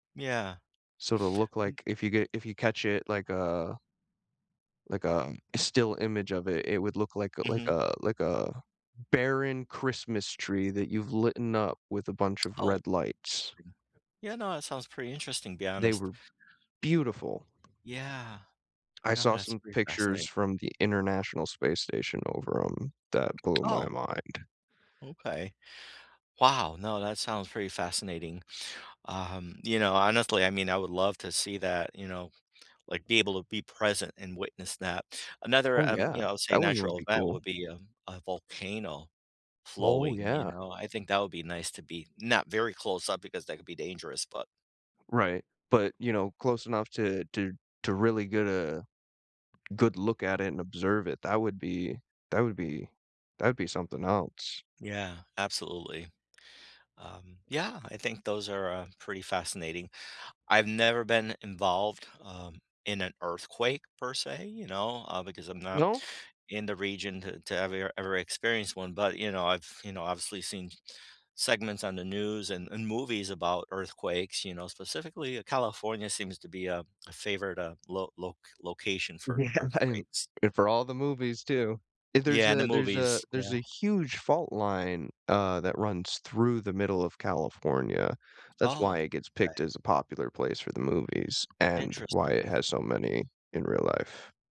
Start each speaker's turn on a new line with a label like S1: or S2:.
S1: Yeah.
S2: Sorta look
S1: N
S2: like, if you get if you catch it, like a like, um, still image of it, it would look like a like
S1: Mhm.
S2: a like a barren Christmas tree that you've litten up with a bunch of
S1: Oh,
S2: red lights.
S1: interesting. Yeah, no, that sounds pretty interesting be
S2: They
S1: honest.
S2: were beautiful.
S1: Yeah.
S2: I
S1: No,
S2: saw
S1: that's
S2: some
S1: pretty
S2: pictures
S1: fascinat
S2: from the International Space Station over 'em that blew my
S1: Oh.
S2: mind.
S1: Okay. Wow. No, that sounds pretty fascinating. Um, you know, honestly, I mean, I would love to see that, you know, like, be able to be present and witness that. Another,
S2: Oh,
S1: um, you
S2: yeah.
S1: know, I would say
S2: That one would
S1: natural
S2: be
S1: event
S2: cool.
S1: would be, um, a volcano
S2: Oh,
S1: flowing, you
S2: yeah.
S1: know, I think that would be nice to be not very close-up because that could be dangerous, but
S2: Right. But, you know, close enough to to to really get a good look at it and observe it. That would be that would be that'd be something else.
S1: Yeah, absolutely. Um, yeah. I think those are, uh, pretty fascinating. I've never been involved, um, in an earthquake per se, you know, uh, because I'm not
S2: No?
S1: in the region to to ever- ever experience one, but, you know, I've you know, obviously seen segments on the news and and movies about earthquakes, you know, specifically, uh, California seems to be a a favorite, uh, lo loc location for
S2: Yeah, and
S1: earthquakes.
S2: if for all the movies too. If there's
S1: Yeah, in the
S2: a there's a
S1: movies.
S2: there's
S1: Yeah.
S2: a huge fault line, uh, that runs through the middle of California, that's why
S1: Oh,
S2: it gets picked
S1: okay.
S2: as a popular place for the movies and why it
S1: Interesting.
S2: has so many in real life.